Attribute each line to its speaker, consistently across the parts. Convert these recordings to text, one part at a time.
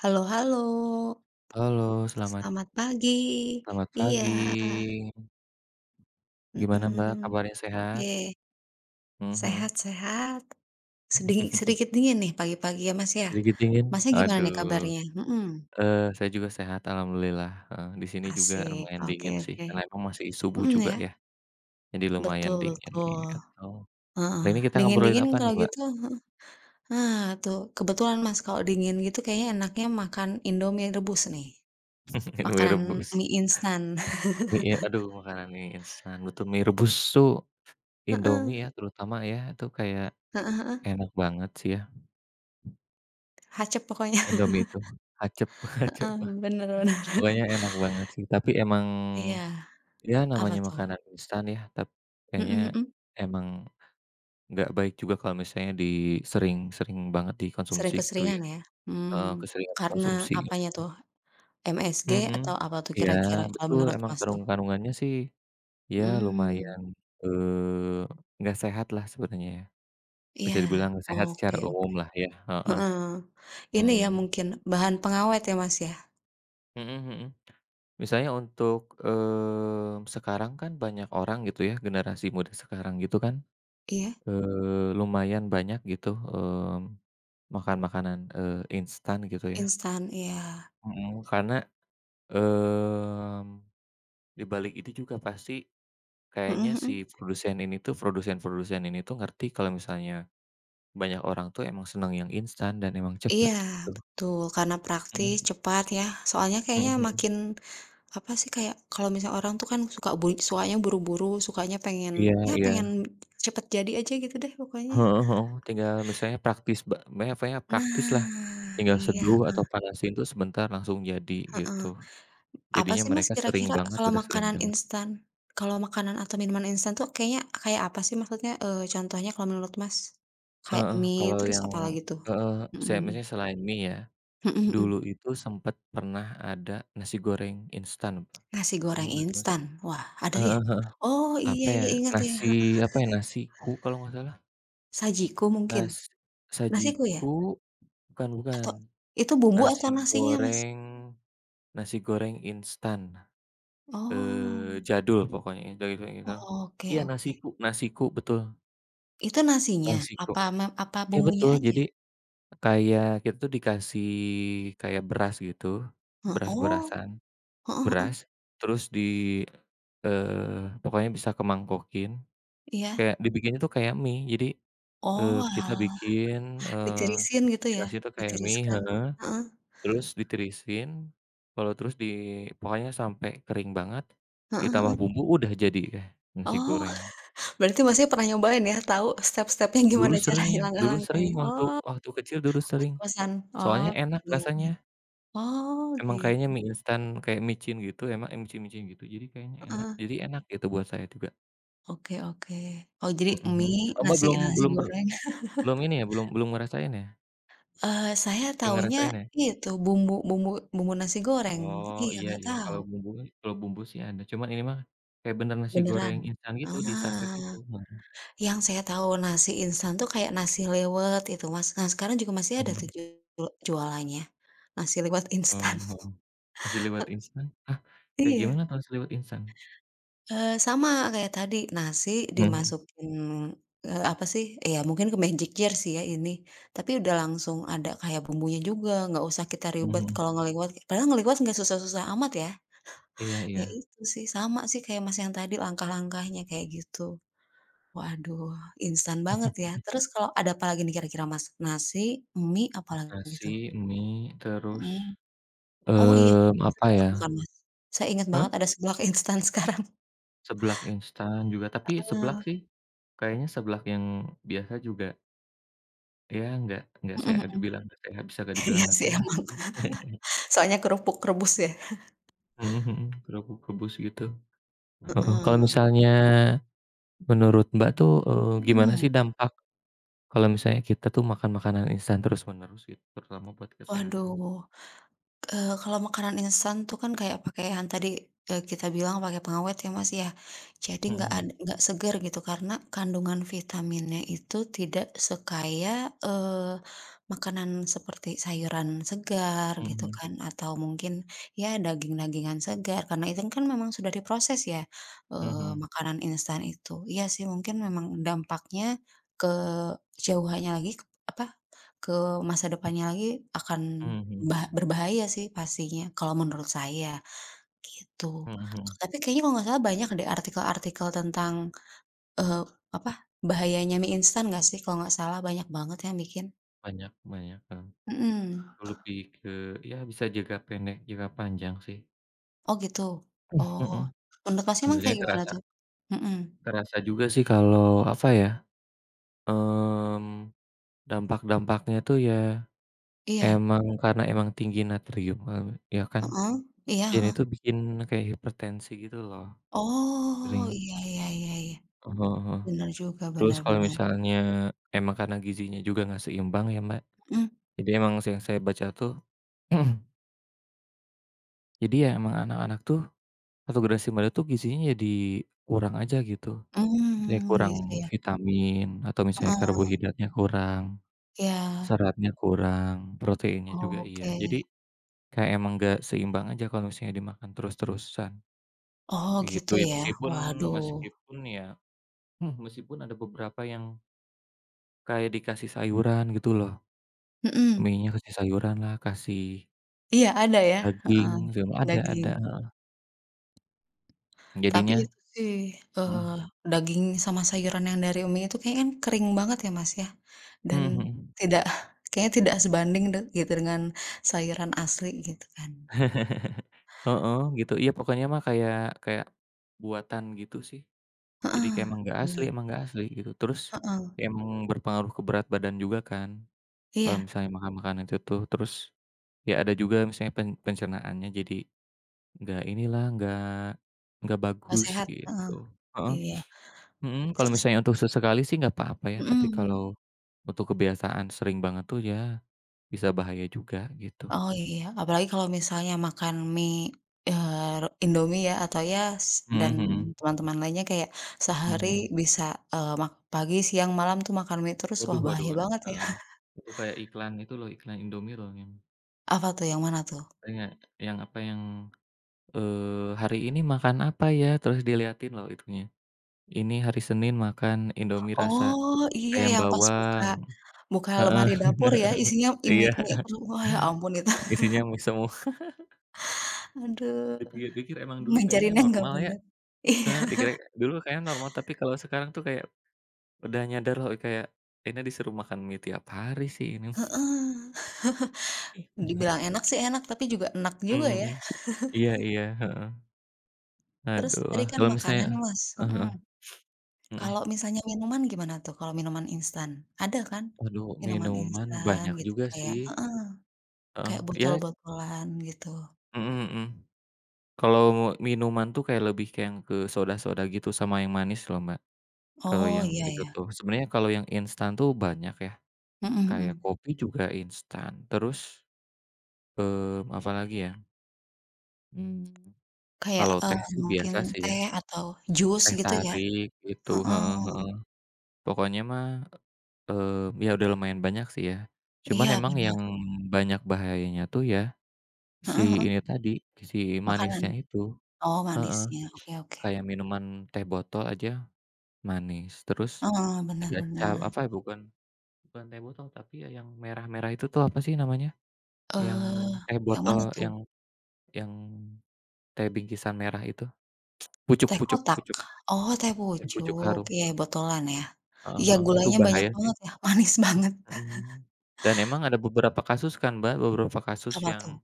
Speaker 1: Halo, halo.
Speaker 2: Halo, selamat
Speaker 1: Selamat pagi.
Speaker 2: Selamat
Speaker 1: Iya.
Speaker 2: pagi. Gimana,
Speaker 1: Mhm.
Speaker 2: Mbak, kabarnya
Speaker 1: Oke.
Speaker 2: sehat? Hmm,
Speaker 1: Sehat,
Speaker 2: hmm.
Speaker 1: sehat. Sediki sedikit dingin nih pagi-pagi ya, Mas, ya.
Speaker 2: Sedikit dingin?
Speaker 1: Masnya gimana nih
Speaker 2: Aduh.
Speaker 1: kabarnya? Hmm.
Speaker 2: Eee, saya juga sehat alhamdulillah, heeh. Di sini juga
Speaker 1: Asik.
Speaker 2: lumayan
Speaker 1: Oke
Speaker 2: dingin sih,
Speaker 1: oke.
Speaker 2: karena emang masih subuh
Speaker 1: Hmm,
Speaker 2: juga
Speaker 1: ya.
Speaker 2: ya, jadi lumayan
Speaker 1: Betul
Speaker 2: dingin, gitu.
Speaker 1: betul. Heeh.
Speaker 2: Hari ini kita ngobrolin apa
Speaker 1: Dingin-dingin
Speaker 2: nih,
Speaker 1: kalau
Speaker 2: Mbak?
Speaker 1: gitu heeh. Nah tuh, kebetulan Mas kalau dingin gitu kayaknya enaknya makan Indomie rebus, nih.
Speaker 2: Indomie
Speaker 1: Makanan
Speaker 2: rebus.
Speaker 1: mi instan.
Speaker 2: Mi, e aduh, makanan mi instan. Butuh mi rebus tuh, Indomie
Speaker 1: Heeh.
Speaker 2: ya terutama ya itu kayak,
Speaker 1: Heeh heeh.
Speaker 2: enak banget sih ya.
Speaker 1: Hacep pokoknya.
Speaker 2: Indomie itu, hacep, hacep.
Speaker 1: Heeh, benar benar.
Speaker 2: Pokoknya enak banget, sih. Tapi emang,
Speaker 1: Iya.
Speaker 2: ya
Speaker 1: Apa
Speaker 2: namanya
Speaker 1: tuh?
Speaker 2: makanan instan ya. Tap kayaknya
Speaker 1: Hmm, hmm.
Speaker 2: emang nggak baik juga kalau misalnya di sering-sering banget dikonsumsi
Speaker 1: Sering
Speaker 2: gitu
Speaker 1: keseringan
Speaker 2: ya.
Speaker 1: ya?
Speaker 2: Eee,
Speaker 1: Mhm.
Speaker 2: keseringan
Speaker 1: Karena
Speaker 2: konsumsi, gitu.
Speaker 1: apanya tuh? MSG atau
Speaker 2: Hmm.
Speaker 1: apa tuh
Speaker 2: Iya,
Speaker 1: kira-kira kalau
Speaker 2: betul,
Speaker 1: menurut
Speaker 2: emang
Speaker 1: Mas tuh?
Speaker 2: kandung kandungannya sih ya lumayan,
Speaker 1: Mhm.
Speaker 2: eee, nggak sehatlah sebenarnya ya.
Speaker 1: Iya,
Speaker 2: Bisa dibilang nggak sehat
Speaker 1: oke
Speaker 2: secara
Speaker 1: oke.
Speaker 2: umumlah ya, heeh.
Speaker 1: Heeh. Ini ya
Speaker 2: Mhm.
Speaker 1: mungkin bahan pengawet ya, Mas, ya?
Speaker 2: Mhm, mhm. Misalnya untuk, mmm, sekarang kan banyak orang gitu ya? Generasi muda sekarang itu kan,
Speaker 1: Iya.
Speaker 2: eee, lumayan banyak gitu, hmm, makan makanan, eee, instan gitu ya.
Speaker 1: Instan, iya.
Speaker 2: Mhm, karena, mmm, di balik itu juga pasti, kayaknya
Speaker 1: Mhm,
Speaker 2: si
Speaker 1: mhm.
Speaker 2: produsen ini tuh produsen-produsen ini tuh ngerti kalau misalnya, banyak orang tuh emang seneng yang instan, dan emang cepet
Speaker 1: Iya,
Speaker 2: gitu.
Speaker 1: betul. Karena praktis,
Speaker 2: Mhm.
Speaker 1: cepat ya. Soalnya
Speaker 2: Mhm,
Speaker 1: kayaknya
Speaker 2: mhm.
Speaker 1: makin apa sih, kayak kalau misalnya orang tuh kan suka bui sukanya buru-buru, sukanya pengen,
Speaker 2: Iya,
Speaker 1: ya,
Speaker 2: iya.
Speaker 1: pengen cepat jadi aja gitu deh pokoknya.
Speaker 2: Heeh, heeh. Tinggal misalnya praktis ba [unintelligible] praktislah,
Speaker 1: Nah
Speaker 2: tinggal
Speaker 1: iya,
Speaker 2: seduh atau
Speaker 1: heeh.
Speaker 2: panasin tuh sebentar langsung jadi
Speaker 1: Heeh.
Speaker 2: gitu.
Speaker 1: Apa
Speaker 2: Jadinya
Speaker 1: sih, Mas,
Speaker 2: mereka sering
Speaker 1: kira-kira
Speaker 2: banget,
Speaker 1: kalau
Speaker 2: udah sering
Speaker 1: makanan
Speaker 2: banget.
Speaker 1: instan, kalau makanan atau minuman instan tuh kayaknya kayak apa sih maksudnya, eee, contohnya kalau menurut, Mas? Kayak
Speaker 2: Heeh,
Speaker 1: mie,
Speaker 2: kalau
Speaker 1: terus
Speaker 2: yang
Speaker 1: apalagi tuh?
Speaker 2: heeh, sam
Speaker 1: Mhm.
Speaker 2: misalnya selain mie ya.
Speaker 1: Mhm, mhm.
Speaker 2: Dulu itu, sempat pernah ada nasi goreng instan, Mbak.
Speaker 1: Nasi goreng
Speaker 2: [unintelligible]
Speaker 1: instan? Wah, ada ya?
Speaker 2: Heeh heeh.
Speaker 1: Oh,
Speaker 2: Apa
Speaker 1: iya,
Speaker 2: ya,
Speaker 1: iya, inget, ya.
Speaker 2: nasi apa ya, nasiku kalau nggak salah.
Speaker 1: Sajiku mungkin?
Speaker 2: Nas
Speaker 1: Nasiku ya?
Speaker 2: sajiku, bukan bukan.
Speaker 1: Atau, itu bumbu atau
Speaker 2: Nasi
Speaker 1: nasinya, Mas?
Speaker 2: goreng, nasi goreng instan. Eee,
Speaker 1: Oh.
Speaker 2: jadul pokoknya. [unintelligible]
Speaker 1: Oke
Speaker 2: Iya,
Speaker 1: oke.
Speaker 2: Nasiku, Nasiku betul.
Speaker 1: Itu nasinya?
Speaker 2: Nasiku.
Speaker 1: Apa me apa
Speaker 2: Iya
Speaker 1: bumbunya
Speaker 2: betul, jadi
Speaker 1: aja?
Speaker 2: kayak kita tuh dikasih kayak beras gitu.
Speaker 1: He oh.
Speaker 2: Beras-berasan.
Speaker 1: Heeh heeh.
Speaker 2: Beras terus di eee, pokoknya bisa ke mangkokin.
Speaker 1: Iya.
Speaker 2: Kayak dibikinnya tuh kayak mie. Jadi, eee, kita
Speaker 1: Oalah.
Speaker 2: bikin, eee,
Speaker 1: Ditirisin gitu ya?
Speaker 2: nasinya tuh kayak mie
Speaker 1: Ditiriskan
Speaker 2: heeh.
Speaker 1: heeh.
Speaker 2: Terus ditirisin, kalau terus di pokoknya sampai kering banget,
Speaker 1: Heeh
Speaker 2: ditambah
Speaker 1: heeh.
Speaker 2: bumbu, udah jadi deh, nasi
Speaker 1: Oh,
Speaker 2: goreng.
Speaker 1: berarti Masnya pernah nyobain ya, tahu step-stepnya gimana
Speaker 2: Dulu
Speaker 1: caranya,
Speaker 2: sering dulu
Speaker 1: langkah-langkahnya,
Speaker 2: sering, waktu
Speaker 1: oh.
Speaker 2: waktu kecil dulu
Speaker 1: Pas
Speaker 2: sering.
Speaker 1: kosan? Oh,
Speaker 2: Soalnya enak
Speaker 1: iya iya.
Speaker 2: rasanya.
Speaker 1: Oh
Speaker 2: Emang kayaknya
Speaker 1: gitu.
Speaker 2: mie instan kayak micin gitu, enak yang micin-micin gitu. Jadi kayaknya enak,
Speaker 1: Heeh.
Speaker 2: jadi enak gitu buat saya juga.
Speaker 1: Oke, oke. Oh jadi
Speaker 2: Mhm, mhm.
Speaker 1: mie,
Speaker 2: Oh Mbak
Speaker 1: nasi
Speaker 2: belum
Speaker 1: nasi
Speaker 2: belum per
Speaker 1: goreng.
Speaker 2: belum ini ya, belum belum ngerasain ya?
Speaker 1: Eee, saya
Speaker 2: Pengen
Speaker 1: taunya
Speaker 2: ngerasain ya?
Speaker 1: itu, bumbu bumbu bumbu nasi goreng.
Speaker 2: Oh
Speaker 1: Iya,
Speaker 2: iya
Speaker 1: enggak
Speaker 2: iya.
Speaker 1: tahu.
Speaker 2: Kalau bumbu kalau bumbu sih ada. Cuman ini mah, kayak benar nasi goreng
Speaker 1: Beneran?
Speaker 2: instan gitu, di sachet
Speaker 1: Ah.
Speaker 2: gitu, mhm.
Speaker 1: Yang saya tahu nasi instan tuh kayak nasi liwet itu, Mas. Nah, sekarang juga masih ada tuh
Speaker 2: Mhm.
Speaker 1: ju jualannya, Nasi liwet instan.
Speaker 2: Eee, heeh. Nasi liwet
Speaker 1: He
Speaker 2: instan, hah? Kayak gimana
Speaker 1: Iya.
Speaker 2: tuh nasi liwet instan?
Speaker 1: Eee, sama kayak tadi, nasi
Speaker 2: Mhm.
Speaker 1: dimasukin, eee, apa sih, ya mungkin ke magic jar sih ya ini, tapi udah langsung ada kayak bumbunya juga, nggak usah kita ribet
Speaker 2: Mhm.
Speaker 1: kalau ngeliwet. Padahal ngeliwet enggak susah-susah amat ya.
Speaker 2: Iya
Speaker 1: Ya
Speaker 2: iya.
Speaker 1: itu sih, sama sih kayak Mas yang tadi langkah-langkahnya kayak gitu. Waduh, instan banget ya. Terus kalo ada apalagi nih kira-kira, Mas, nasi, mie, apalagi
Speaker 2: Nasi,
Speaker 1: tuh?
Speaker 2: mie, terus,
Speaker 1: Mhm. Oh iya,
Speaker 2: mmm, apa
Speaker 1: seblak
Speaker 2: ya?
Speaker 1: bukan, Mas? Saya inget banget
Speaker 2: Hah?
Speaker 1: ada seblak instan sekarang.
Speaker 2: Seblak instan juga. Tapi
Speaker 1: Heeh.
Speaker 2: seblak sih, kayaknya seblak yang biasa juga Ya enggak enggak seh
Speaker 1: Mhm mhm.
Speaker 2: dibilang nggak eh bisa nggak dibilang
Speaker 1: Iya
Speaker 2: nggak
Speaker 1: sih
Speaker 2: sehat,
Speaker 1: emang,
Speaker 2: sih.
Speaker 1: soalnya kerupuk rebus ya.
Speaker 2: Mhm mhm, kerupuk rebus gitu. Heeh, kalau
Speaker 1: Heeh.
Speaker 2: misalnya menurut Mbak tuh, eee, gimana
Speaker 1: Mhm.
Speaker 2: sih dampak kalau misalnya kita tuh makan makanan instan terus-menerus gitu terutama buat kesehatan?
Speaker 1: Waduh. Eee, kalau makanan instan tuh kan kayak pake yang tadi, eee, kita bilang pakai pengawet ya Mas ya. Jadi
Speaker 2: Mhm
Speaker 1: nggak ad
Speaker 2: mhm.
Speaker 1: nggak seger gitu karena kandungan vitaminnya itu tidak sekaya, eee, makanan seperti sayuran segar,
Speaker 2: Mhm
Speaker 1: gitu
Speaker 2: mhm.
Speaker 1: kan atau mungkin ya daging-dagingan segar, karena instan kan memang sudah diproses ya,
Speaker 2: Mhm
Speaker 1: eee,
Speaker 2: mhm.
Speaker 1: makanan instan itu. Iya sih, mungkin memang dampaknya ke jauhannya lagi ke apa, ke masa depannya lagi akan
Speaker 2: Mhm.
Speaker 1: ba berbahaya sih pastinya kalau menurut saya, gitu.
Speaker 2: Mhm mhm.
Speaker 1: Tapi kayaknya kalau nggak salah banyak deh artikel-artikel tentang, eee, apa bahayanya mie instan gak sih kalau gak salah banyak banget yang bikin.
Speaker 2: Banyak banyak, heeh.
Speaker 1: Mhm.
Speaker 2: Lebih ke ya bisa jangka pendek, jangka panjang sih.
Speaker 1: Oh gitu?
Speaker 2: Hmm,
Speaker 1: Oh.
Speaker 2: mhm.
Speaker 1: Menurut Masnya emang
Speaker 2: Jadinya
Speaker 1: kayak gimana
Speaker 2: kerasa.
Speaker 1: tuh? Mhm.
Speaker 2: Kerasa juga sih kalau apa ya, mmm, dampak-dampaknya tuh ya
Speaker 1: Iya.
Speaker 2: emang karena emang tinggi natrium meng ya kan.
Speaker 1: Heeh. Iya,
Speaker 2: Ini itu
Speaker 1: heeh.
Speaker 2: bikin kayak hipertensi gitu loh,
Speaker 1: Oh
Speaker 2: sering
Speaker 1: iya iya iya iya.
Speaker 2: Heeh heeh.
Speaker 1: Bener juga,
Speaker 2: Terus
Speaker 1: bener
Speaker 2: kalau
Speaker 1: bener.
Speaker 2: misalnya, emang karena gizinya juga nggak seimbang ya, Mbak.
Speaker 1: Mhm.
Speaker 2: Jadi emang sih yang saya baca tuh Jadi ya emang anak-anak tuh atau generasi muda tuh gizinya jadi kurang aja gitu. Misalnya
Speaker 1: Mmm,
Speaker 2: kurang
Speaker 1: gitu ya.
Speaker 2: vitamin atau misalnya
Speaker 1: Heeh.
Speaker 2: karbohidratnya kurang,
Speaker 1: Iya.
Speaker 2: seratnya kurang, proteinnya juga iya. Jadi
Speaker 1: Oke.
Speaker 2: kayak emang enggak seimbang aja kalau misalnya dimakan terus-terusan,
Speaker 1: Oh,
Speaker 2: begitu
Speaker 1: gitu
Speaker 2: ya.
Speaker 1: ya?
Speaker 2: Meskipun
Speaker 1: Waduh.
Speaker 2: meskipun ya hmm, meskipun ada beberapa yang kayak dikasih sayuran gitu loh.
Speaker 1: Mhm.
Speaker 2: Mie-nya kasih sayuranlah, kasih
Speaker 1: Iya ada ya, heeh,
Speaker 2: Daging zem ada ada,
Speaker 1: daging.
Speaker 2: heeh.
Speaker 1: Tapi
Speaker 2: Jadinya
Speaker 1: itu sih, eee,
Speaker 2: hmm.
Speaker 1: daging sama sayuran yang dari mi itu kayaknya kan kering banget ya Mas ya, dan
Speaker 2: Mmm, mhm.
Speaker 1: tidak kayaknya tidak sebanding tuh gitu dengan sayuran asli, gitu kan.
Speaker 2: Heeh, gitu. Iya pokoknya mah kayak kayak buatan gitu sih. Jadi kayak
Speaker 1: Heeh,
Speaker 2: emang enggak asli
Speaker 1: benar.
Speaker 2: emang enggak asli, gitu. Terus,
Speaker 1: Heeh.
Speaker 2: emang berpengaruh ke berat badan juga kan, kalau
Speaker 1: Iya.
Speaker 2: misalnya makan-makanan itu tuh. Terus, ya ada juga misalnya pen pencernaannya jadi enggak inilah, enggak enggak
Speaker 1: Pas
Speaker 2: bagus,
Speaker 1: sehat?
Speaker 2: gitu.
Speaker 1: Heeh.
Speaker 2: Heeh.
Speaker 1: Iya.
Speaker 2: Mhm, kalau
Speaker 1: Terus?
Speaker 2: misalnya untuk sesekali sih enggak apa-apa ya. Tapi
Speaker 1: Mhm.
Speaker 2: kalau, untuk kebiasaan sering banget tuh ya, bisa bahaya juga, gitu.
Speaker 1: Oh iya, apalagi kalau misalnya makan mi, eee, re Indomie ya, atau ya
Speaker 2: Mhm
Speaker 1: dan
Speaker 2: mhm.
Speaker 1: teman-teman lainnya kayak, sehari
Speaker 2: Mhm.
Speaker 1: bisa, eee, mak pagi, siang, malam tuh makan mie terus, wah
Speaker 2: Waduh waduh
Speaker 1: bahaya
Speaker 2: waduh.
Speaker 1: banget ya.
Speaker 2: Heeh. Itu kayak iklan itu loh, iklan Indomie loh yang
Speaker 1: Apa tuh yang mana tuh?
Speaker 2: Oh ya, yang apa yang, eee, "Hari ini makan apa ya?" terus diliatin loh itunya. "Ini hari Senin makan Indomie rasa
Speaker 1: Oh, iya
Speaker 2: ayam
Speaker 1: yang pas buka
Speaker 2: bawang."
Speaker 1: buka
Speaker 2: Heeh.
Speaker 1: lemari dapur ya isinya i mi
Speaker 2: Iya.
Speaker 1: mi semua, ya ampun itu.
Speaker 2: Isinya mi semua.
Speaker 1: Aduh.
Speaker 2: Dipikir-pikir emang dulu kayaknya
Speaker 1: Ngajarinnya nggak
Speaker 2: normal ya.
Speaker 1: benar. Iya.
Speaker 2: Heeh, dikira dulu kayaknya normal tapi kalau sekarang tuh kayak, udah nyadar loh kayak, ini disuruh makan mi tiap hari sih ini.
Speaker 1: Heeh. dibilang enak sih enak tapi juga enek
Speaker 2: Mmm,
Speaker 1: juga ya.
Speaker 2: mhm. Iya iya. Heeh.
Speaker 1: Terus,
Speaker 2: Aduh.
Speaker 1: tadi kan
Speaker 2: Kalau
Speaker 1: makanan
Speaker 2: misalnya
Speaker 1: nih Mas,
Speaker 2: Heeh
Speaker 1: mhm.
Speaker 2: heeh. Mhm.
Speaker 1: Kalau misalnya minuman gimana tuh kalau minuman instan? Ada kan,
Speaker 2: Aduh,
Speaker 1: minuman
Speaker 2: minuman
Speaker 1: instan
Speaker 2: banyak
Speaker 1: gitu
Speaker 2: juga
Speaker 1: kayak
Speaker 2: sih.
Speaker 1: heeh.
Speaker 2: Heeh,
Speaker 1: Kayak
Speaker 2: iya
Speaker 1: botol-botolan, gitu.
Speaker 2: Mhm mhm. Kalau mo minuman tuh kayak lebih ke yang ke soda-soda gitu sama yang manis loh, Mbak. Kalau
Speaker 1: Oh
Speaker 2: yang
Speaker 1: iya
Speaker 2: itu
Speaker 1: iya.
Speaker 2: tuh. Sebenarnya kalau yang instan tuh banyak ya.
Speaker 1: Mhm
Speaker 2: Kayak
Speaker 1: mhm.
Speaker 2: kopi juga instan. Terus, mmm, apalagi ya? Mmm,
Speaker 1: Kayak,
Speaker 2: kalau
Speaker 1: eee,
Speaker 2: teh sih
Speaker 1: mungkin
Speaker 2: biasa sih ya.
Speaker 1: teh atau jus
Speaker 2: Teh
Speaker 1: gitu ya?
Speaker 2: tarik itu.
Speaker 1: Heeh.
Speaker 2: Heeh heeh. Pokoknya mah e eee, ya udah lumayan banyak sih ya. Cuman
Speaker 1: Iya,
Speaker 2: emang
Speaker 1: bener.
Speaker 2: yang banyak bahayanya tuh ya si
Speaker 1: Heeh heeh.
Speaker 2: ini tadi, si
Speaker 1: Makanan.
Speaker 2: manisnya itu.
Speaker 1: Oh
Speaker 2: Heeh.
Speaker 1: manisnya, oke oke.
Speaker 2: Kayak minuman teh botol aja, manis. Terus
Speaker 1: Heeh, benar
Speaker 2: ada cap
Speaker 1: benar.
Speaker 2: apa bukan, bukan teh botol tapi ya yang merah-merah itu tuh apa sih namanya? Yang
Speaker 1: Eee,
Speaker 2: teh
Speaker 1: yang
Speaker 2: botol
Speaker 1: mana tuh?
Speaker 2: yang yang teh bingkisan merah itu. Pucuk
Speaker 1: Teh
Speaker 2: Pucuk
Speaker 1: kotak?
Speaker 2: Pucuk.
Speaker 1: Oh Teh
Speaker 2: Teh Pucuk
Speaker 1: Pucuk,
Speaker 2: Harum.
Speaker 1: iya botolan ya.
Speaker 2: Heeh
Speaker 1: Iya
Speaker 2: heeh, itu
Speaker 1: gulanya banyak
Speaker 2: bahaya sih.
Speaker 1: banget ya manis banget.
Speaker 2: Mhm, dan emang ada beberapa kasus kan Mbak, beberapa kasus
Speaker 1: Apa
Speaker 2: yang
Speaker 1: tuh?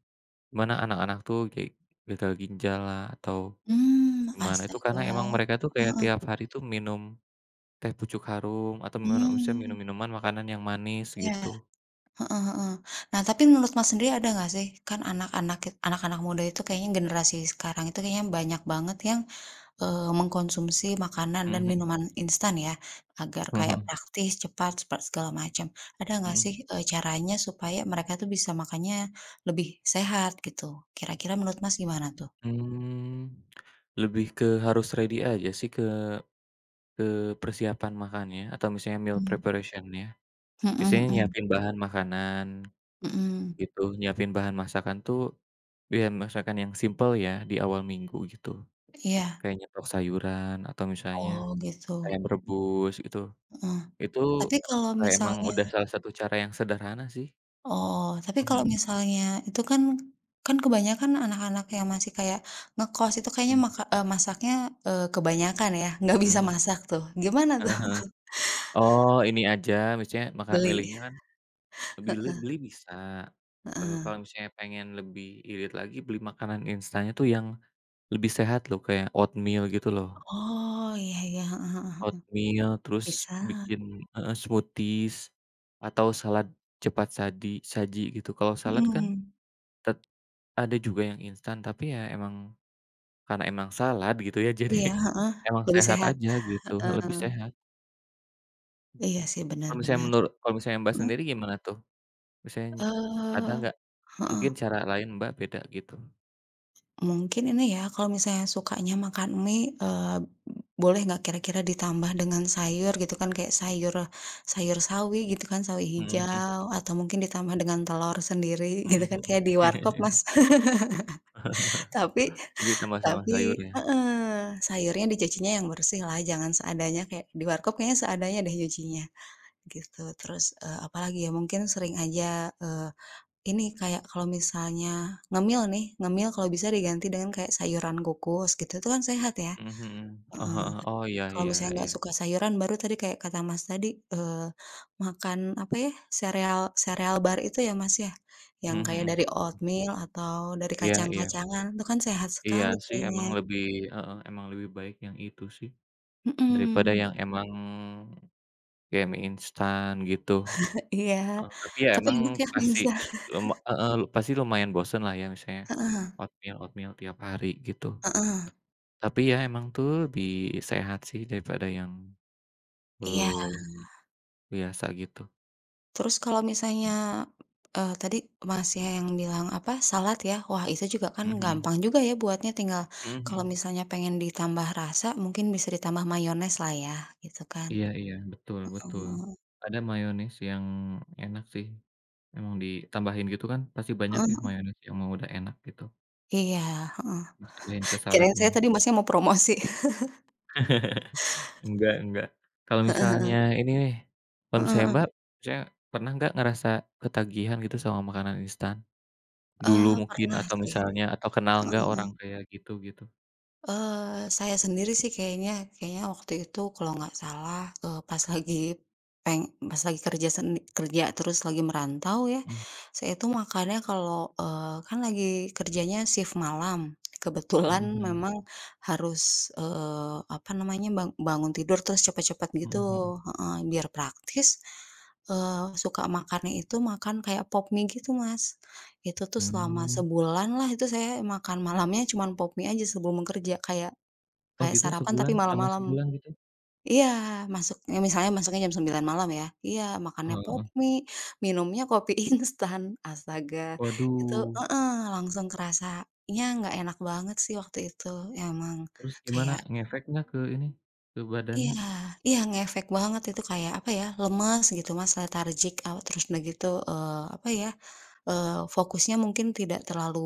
Speaker 2: mana anak-anak tuh kayak gagal ginjallah, atau
Speaker 1: Mmm,
Speaker 2: gimana. Itu
Speaker 1: astaga.
Speaker 2: karena emang mereka tuh
Speaker 1: Heeh
Speaker 2: kayak
Speaker 1: heeh.
Speaker 2: tiap hari tuh minum Teh Pucuk Harum atau mana maksudnya
Speaker 1: Mmm.
Speaker 2: minum-minuman makanan yang manis
Speaker 1: Iya,
Speaker 2: gitu.
Speaker 1: heeh heeh. Nah tapi menurut, Mas sendiri ada gak, sih, kan anak-anak kit anak-anak muda itu kayaknya generasi sekarang itu kayaknya banyak banget yang, eee, mengkonsumsi makanan dan
Speaker 2: Heeh heeh.
Speaker 1: minuman instan ya agar
Speaker 2: Heeh
Speaker 1: kayak
Speaker 2: heeh.
Speaker 1: praktis, cepat, sepet segala macam. Ada gak sih,
Speaker 2: Hmm.
Speaker 1: eee, caranya supaya mereka tuh bisa makannya lebih sehat gitu, kira-kira menurut Mas, gimana tuh?
Speaker 2: Mmm, lebih ke harus ready aja sih ke eee, persiapan makannya atau misalnya meal
Speaker 1: Mmm.
Speaker 2: preparation-nya.
Speaker 1: Hmm
Speaker 2: Biasanya
Speaker 1: hmm.
Speaker 2: nyiapin bahan makanan
Speaker 1: Mhm.
Speaker 2: gitu. Nyiapin bahan masakan tuh biar masakan yang simpel ya di awal minggu gitu.
Speaker 1: Iya.
Speaker 2: Kayak nyetok sayuran atau misalnya
Speaker 1: Oh gitu.
Speaker 2: ayam rebus itu.
Speaker 1: Heeh.
Speaker 2: Itu
Speaker 1: Tapi kalau
Speaker 2: kayak emang
Speaker 1: misalnya
Speaker 2: udah salah satu cara yang sederhana sih.
Speaker 1: Oh, tapi kalau
Speaker 2: Mhm.
Speaker 1: misalnya itu kan kan kebanyakan anak-anak yang masih kayak ngekos itu kayaknya
Speaker 2: Mmm.
Speaker 1: maka eee, masaknya, eee, kebanyakan ya, nggak bisa
Speaker 2: Mhm.
Speaker 1: masak tuh, gimana tuh?
Speaker 2: Heeh heeh. Oh, ini aja misalnya maka
Speaker 1: Beli?
Speaker 2: milihnya kan, bili
Speaker 1: Heeh.
Speaker 2: beli bisa. Eee, kalau
Speaker 1: Heeh.
Speaker 2: misalnya pengen lebih irit lagi beli makanan instannya tuh yang lebih sehat loh, kayak oatmeal gitu loh.
Speaker 1: Oh, iya iya, heeh heeh heeh.
Speaker 2: Oatmeal terus
Speaker 1: Bisa.
Speaker 2: bikin heeh, smoothies atau salad cepat sadi saji gitu. Kalau salad kan
Speaker 1: Mhm.
Speaker 2: tet ada juga yang instan tapi ya emang karena emang salad gitu ya jadi
Speaker 1: Iya, heeh,
Speaker 2: emang
Speaker 1: lebih
Speaker 2: sehat
Speaker 1: sehat.
Speaker 2: aja gitu, heeh, lebih
Speaker 1: Heeh.
Speaker 2: sehat.
Speaker 1: Iya sih, benar
Speaker 2: Kalau misalnya
Speaker 1: benar.
Speaker 2: menurut kalau misalnya Mbak
Speaker 1: Mmm?
Speaker 2: sendiri gimana tuh? Misaln ada
Speaker 1: Eee,
Speaker 2: nggak,
Speaker 1: heeh.
Speaker 2: mungkin cara lain, Mbak beda gitu?
Speaker 1: Mungkin ini ya kalau misalnya sukanya makan mie, eee, boleh nggak kira-kira ditambah dengan sayur gitu kan, kayak sayur sayur sawi gitu kan sawi
Speaker 2: Mhm.
Speaker 1: hijau atau mungkin ditambah dengan telur sendiri gitu kan
Speaker 2: Mhm
Speaker 1: kayak di
Speaker 2: mhm.
Speaker 1: warkop, Mas. Tapi,
Speaker 2: Jadi tambah sama
Speaker 1: tapi
Speaker 2: sayurnya.
Speaker 1: heeh, sayurnya dicucinya yang bersih lah jangan seadanya, kayak di warkop kayaknya seadanya deh nyucinya, gitu. Terus, eee, apalagi ya mungkin sering aja, eee, ini kayak kalau misalnya ngemil nih, ngemil kalau bisa diganti dengan kayak sayuran kukus gitu, itu kan sehat ya.
Speaker 2: Mhm mhm.
Speaker 1: Heeh.
Speaker 2: Aha aha. Oh iya
Speaker 1: Kalau
Speaker 2: iya
Speaker 1: misalnya
Speaker 2: iya.
Speaker 1: nggak suka sayuran, baru tadi kayak kata Mas tadi, eee, makan apa ya, sereal sereal bar itu ya Mas ya, yang
Speaker 2: Mhm
Speaker 1: kayak dari
Speaker 2: mhm.
Speaker 1: oatmeal atau dari
Speaker 2: Iya iya.
Speaker 1: kacang-kacangan itu kan sehat
Speaker 2: Iya
Speaker 1: sekali
Speaker 2: sih emang
Speaker 1: kayaknya.
Speaker 2: lebih, heeh, emang lebih baik yang itu sih, daripada
Speaker 1: Mhm.
Speaker 2: yang emang kayak mie instan gitu.
Speaker 1: Iya,
Speaker 2: Eee, tapi ya
Speaker 1: tapi
Speaker 2: emang
Speaker 1: enak ya, mie
Speaker 2: pasti
Speaker 1: instan.
Speaker 2: lum heeh, pasti lumayan bosen lah ya misalnya,
Speaker 1: Heeh.
Speaker 2: oatmeal oatmeal tiap hari gitu.
Speaker 1: Heeh.
Speaker 2: Tapi ya emang itu lebih sehat sih daripada yang,
Speaker 1: Iya.
Speaker 2: eee, biasa gitu.
Speaker 1: Terus kalau misalnya, eee, tadi Masnya yang bilang apa, salad ya? Wah, itu juga kan
Speaker 2: Mhm mhm.
Speaker 1: gampang juga ya buatnya tinggal
Speaker 2: Hmm hmm.
Speaker 1: kalau misalnya pengen ditambah rasa mungkin bisa ditambah mayoneslah ya, gitu kan,
Speaker 2: Iya iya, betul betul.
Speaker 1: heeh.
Speaker 2: Ada mayones yang enak sih. Emang ditambahin gitu kan pasti banyak
Speaker 1: Heeh
Speaker 2: ya
Speaker 1: heeh.
Speaker 2: mayones yang emang udah enak gitu.
Speaker 1: Iya, heeh,
Speaker 2: Ituin ke
Speaker 1: kirain saya
Speaker 2: saladnya.
Speaker 1: tadi Masnya mau promosi.
Speaker 2: Enggak enggak. Kalau
Speaker 1: Heeh heeh.
Speaker 2: misalnya ini nih, kalau
Speaker 1: Heeh
Speaker 2: misalnya
Speaker 1: heeh.
Speaker 2: Mbak, misalnya pernah enggak ngerasa ketagihan gitu sama makanan instan, dulu
Speaker 1: Eee,
Speaker 2: mungkin
Speaker 1: pernah
Speaker 2: atau
Speaker 1: sih.
Speaker 2: misalnya atau kenal
Speaker 1: Heeh
Speaker 2: enggak orang
Speaker 1: heeh.
Speaker 2: kayak gitu, gitu?
Speaker 1: Eee, saya sendiri sih kayaknya kayaknya waktu itu kalau nggak salah, eee, pas lagi peng pas lagi kerja seni kerja terus lagi merantau ya,
Speaker 2: Mmm.
Speaker 1: saya itu makannya kalau, eee, kan lagi kerjanya shift malam.
Speaker 2: Hmm
Speaker 1: Kebetulan
Speaker 2: hmm.
Speaker 1: memang harus, eee, apa namanya, bang bangun tidur terus cepat-cepat gitu.
Speaker 2: Hmm hmm.
Speaker 1: Heeh, biar praktis, eee, suka makannya itu makan kayak Pop Mie gitu Mas. Itu tuh selama
Speaker 2: Mmm.
Speaker 1: sebulan lah itu saya makan malamnya cuman Pop Mie aja sebelum kerja. Kayak
Speaker 2: Oh
Speaker 1: kayak
Speaker 2: gitu
Speaker 1: sarapan
Speaker 2: sebulan,
Speaker 1: tapi
Speaker 2: selama
Speaker 1: malam-malam.
Speaker 2: sebulan gitu?
Speaker 1: Iya masuk nih misalnya masuknya jam 9.00 malam ya. Iya makannya
Speaker 2: Heeh
Speaker 1: Pop
Speaker 2: heeh.
Speaker 1: Mie, minumnya kopi instan. Astaga. Itu
Speaker 2: Waduh.
Speaker 1: heeh, langsung kerasanya nggak enak banget sih waktu itu. Emang
Speaker 2: Terus
Speaker 1: kayak
Speaker 2: gimana ngefek enggak ke ini, ke
Speaker 1: Iya,
Speaker 2: badannya?
Speaker 1: iya ngefek banget itu kayak apa ya, lemes gitu Mas, lethargic out. Terus udah gitu, eee, apa ya, eee, fokusnya mungkin tidak terlalu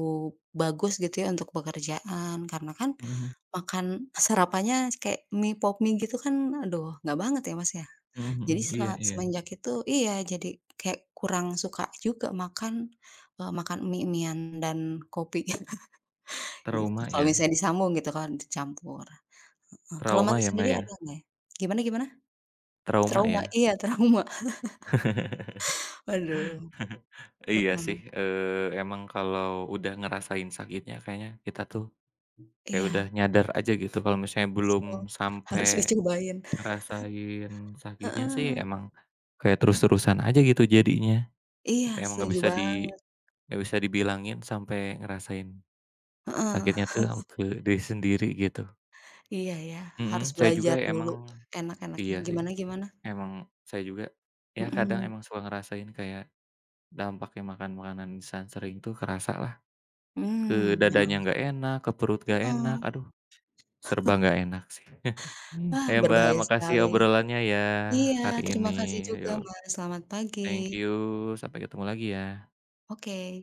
Speaker 1: bagus gitu ya untuk pekerjaan. Karena kan,
Speaker 2: Hmm hmm.
Speaker 1: makan sarapannya kayak mie Pop Mie gitu kan aduh nggak banget ya Mas ya.
Speaker 2: Hmm
Speaker 1: Jadi
Speaker 2: hmm, iya
Speaker 1: setelah
Speaker 2: iya.
Speaker 1: semenjak itu iya jadi kayak kurang suka juga makan, eee, makan mie-mie-an dan kopi gitu.
Speaker 2: Trauma
Speaker 1: Kalau
Speaker 2: ya?
Speaker 1: misalnya disambung gitu kan dicampur, heeh. Kalau
Speaker 2: Trauma
Speaker 1: Masnya
Speaker 2: ya Mbak
Speaker 1: sendiri ada
Speaker 2: ya?
Speaker 1: nggak ya? Gimana gimana?
Speaker 2: Trauma
Speaker 1: Trauma.
Speaker 2: ya?
Speaker 1: Iya trauma. Belum,
Speaker 2: Iya
Speaker 1: heeh.
Speaker 2: sih, eee, emang kalau udah ngerasain sakitnya kayaknya kita tuh, kayak
Speaker 1: Iya.
Speaker 2: udah nyadar aja gitu kalau misalnya belum
Speaker 1: [unintelligible] Harus
Speaker 2: sampai,
Speaker 1: dicobain.
Speaker 2: ngerasain sakitnya sih
Speaker 1: Heeh.
Speaker 2: emang, kayak terus-terusan aja gitu jadinya.
Speaker 1: Iya
Speaker 2: Emang enggak
Speaker 1: setuju
Speaker 2: bisa di
Speaker 1: banget.
Speaker 2: enggak bisa dibilangin sampai ngerasain
Speaker 1: Heeh.
Speaker 2: sakitnya tuh au ke diri sendiri gitu.
Speaker 1: Iya ya, harus
Speaker 2: Hmm, saya juga
Speaker 1: belajar dulu,
Speaker 2: emang
Speaker 1: enak-enaknya
Speaker 2: iya, sih.
Speaker 1: gimana gimana?
Speaker 2: Emang saya juga ya kadang
Speaker 1: Hmm.
Speaker 2: emang suka ngerasain kayak, dampaknya makan makanan instan sering tuh kerasalah. Ke
Speaker 1: Mmm, memang
Speaker 2: dadanya
Speaker 1: sih,
Speaker 2: enggak enak, ke perut enggak
Speaker 1: heeh.
Speaker 2: enak, aduh, serba enggak enak sih.
Speaker 1: Ah,
Speaker 2: Ya Mbak
Speaker 1: berbahaya
Speaker 2: makasih
Speaker 1: sekali.
Speaker 2: obrolannya ya
Speaker 1: Iya
Speaker 2: hari ini.
Speaker 1: terima kasih juga
Speaker 2: Yuk,
Speaker 1: Mas, selamat pagi.
Speaker 2: thank you, sampai ketemu lagi ya.
Speaker 1: Oke.